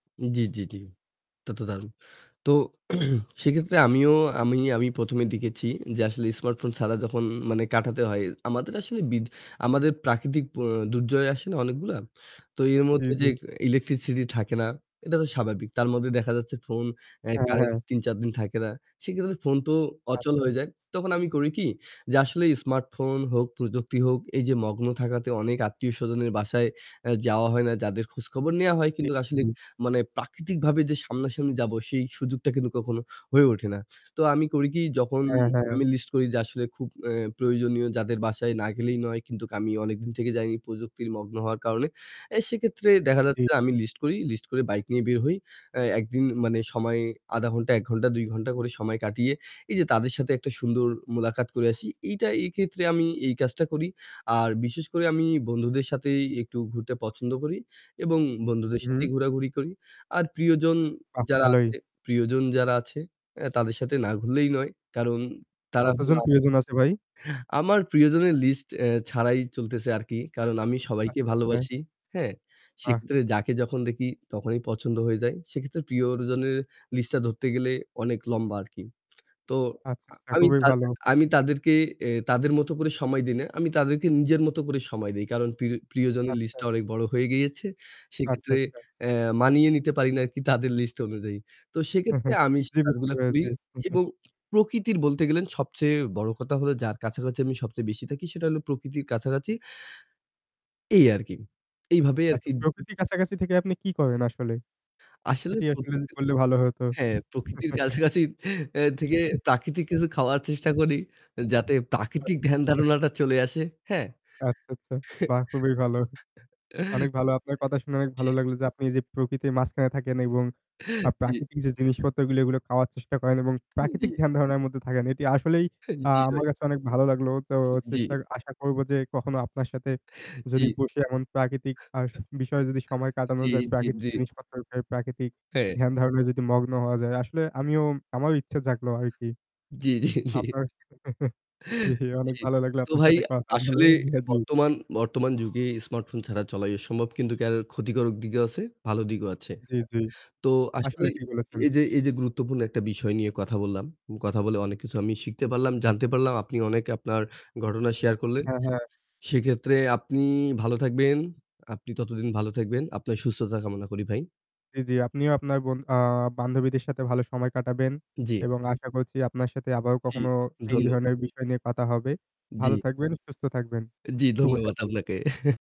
জি, জি, জি, এটা তো দারুণ। তো সেক্ষেত্রে আমিও আমি আমি প্রথমে দেখেছি যে আসলে স্মার্টফোন ছাড়া যখন মানে কাটাতে হয়, আমাদের আসলে বিদ আমাদের প্রাকৃতিক অ্যা দুর্যোগ আসে না অনেকগুলা। তো এর জি, মধ্যে যে জি। ইলেকট্রিসিটি থাকে না, এটা তো স্বাভাবিক, তার মধ্যে দেখা যাচ্ছে ফোন অ্যা হ্যাঁ, কারেন্ট হ্যাঁ। ৩-৪ দিন থাকে না। সেক্ষেত্রে ফোন তো অচল আচ্ছা। হয়ে যায়। তখন আমি করি কি? যে আসলে স্মার্টফোন হোক প্রযুক্তি হোক এই যে মগ্ন থাকাতে অনেক আত্মীয়স্বজনের বাসায় আ যাওয়া হয় না যাদের খোঁজখবর নেওয়া হয় জি, কিন্তু আসলে হুম। মানে প্রাকৃতিকভাবে যে সামনাসামনি যাব সেই সুযোগটা কিন্তু কখনো হয়ে ওঠে না। তো আমি করি কি যখন হ্যাঁ, হ্যাঁ। আমি লিস্ট করি যে আসলে খুব এ প্রয়োজনীয় যাদের বাসায় না গেলেই নয় কিন্তু আমি অনেকদিন থেকে যাইনি প্রযুক্তির মগ্ন হওয়ার কারণে। অ্যা সেক্ষেত্রে দেখা জি। যাচ্ছে আমি লিস্ট করি, লিস্ট করে বাইক নিয়ে বের হই। অ্যা একদিন মানে সময় ০.৫ ঘণ্টা ১ ঘণ্টা ২ ঘণ্টা করে সময় কাটিয়ে এই যে তাদের সাথে একটা সুন্দর মুলাকাত করে আসি। এইটা এক্ষেত্রে আমি এই কাজটা করি। আর বিশেষ করে আমি বন্ধুদের সাথেই একটু ঘুরতে পছন্দ করি এবং বন্ধুদের হুম। সাথেই ঘোরাঘুরি করি। আর প্রিয়জন আহ! যারা ভালোই। আছে প্রিয়জন যারা আছে তাদের সাথে না ঘুরলেই নয়। কারণ তারা হলো কতজন আ প্রিয়জন আছে ভাই? আমার প্রিয়জনের লিস্ট এ ছাড়াই চলতেছে আরকি। কারণ আমি সবাইকে আচ্ছা, আচ্ছা। ভালোবাসি। হ্যাঁ? বাহ! সেক্ষেত্রে যাকে যখন দেখি তখনই পছন্দ হয়ে যায়। সেক্ষেত্রে প্রিয়জনের লিস্টটা ধরতে গেলে অনেক লম্বা আরকি। তো আচ্ছা, আচ্ছা আমি খুবই তা ভালো। আমি তাদেরকে তাদের মত করে সময় দিই না। আমি তাদেরকে নিজের মত করে সময় দেই। কারণ প্রি প্রিয়জনের আচ্ছা। লিস্টটা অনেক বড় হয়ে গিয়েছে। আচ্ছা, সেক্ষেত্রে আচ্ছা। অ্যা মানিয়ে নিতে পারি না আরকি তাদের লিস্ট অনুযায়ী। তো সেক্ষেত্রে আমি সে জি, বুঝতে কাজগুলা করি পেরেছি। এবং প্রকৃতির বলতে গেলে সবচেয়ে বড় কথা হলো যার কাছাকাছি আমি সবচেয়ে বেশি থাকি সেটা হলো প্রকৃতির কাছাকাছি। এই আরকি। এইভাবেই আচ্ছা আরকি উম প্রকৃতির কাছাকাছি থেকে আপনি কি করেন আসলে? আসলে সেটি প্রকৃতির আসলে বললে ভালো হত। হ্যাঁ, প্রকৃতির কাছাকাছি থেকে প্রাকৃতিক কিছু খাওয়ার চেষ্টা করি যাতে প্রাকৃতিক ধ্যান আচ্ছা। ধারণাটা চলে আসে। আচ্ছা, আচ্ছা। বাহ! খুবই ভালো। অনেক ভালো আপনার কথা শুনে অনেক জি। ভালো লাগলো যে আপনি যে প্রকৃতির মাঝখানে থাকেন এবং আ জি। প্রাকৃতিক যে জিনিসপত্রগুলো এগুলো খাওয়ার চেষ্টা করেন এবং হু, প্রাকৃতিক জি। ধ্যান ধারণার মধ্যে থাকেন। এটি আসলেই হু, আ জি, ভাই। আমার কাছে অনেক ভালো লাগলো। তো জি। চেষ্টা আশা করব যে কখনো আপনার সাথে যদি জি। বসে এমন প্রাকৃতিক ভাস বিষয়ে যদি সময় কাটানো জি, যায়, জি, প্রাকৃতিক জি। জিনিসপত্র প্রাকৃতিক হ্যাঁ। ধ্যান ধারণায় যদি মগ্ন হওয়া যায়। আসলে আমিও আমারও ইচ্ছা থাকলো আরকি। জি, জি, জি আপনার জি, অনেক জি, ভালো লাগলো তো আপনার ভাই সাথে কথা বলে। আসলে হ্যাঁ, জি। বর্তমান বর্তমান যুগে স্মার্টফোন ছাড়া চলাই অসম্ভব কিন্তু [unintelligible] ক্ষতিকারক দিকেও আছে, ভালো দিকও আছে। জি, জি। তো আসলে আসলে ঠিক বলেছেন। এই যে এই যে গুরুত্বপূর্ণ একটা বিষয় নিয়ে কথা বললাম। কথা বলে অনেক কিছু আমি শিখতে পারলাম, জানতে পারলাম আপনি অনেক আপনার ঘটনা শেয়ার করলেন। হ্যাঁ, হ্যাঁ। সেক্ষেত্রে আপনি ভালো থাকবেন, আপনি ততদিন ভালো থাকবেন। আপনার সুস্থতা কামনা করি ভাই। জি, জি, আপনিও আপনার বন আ বান্ধবীদের সাথে ভালো সময় কাটাবেন। জি। এবং আশা করছি আপনার সাথে আবার জি, কখনো এই ধন্যবাদ। ধরনের বিষয় নিয়ে কথা হবে। ভালো জি। থাকবেন, সুস্থ থাকবেন। জি, শুভ ধন্যবাদ সকাল। আপনাকে।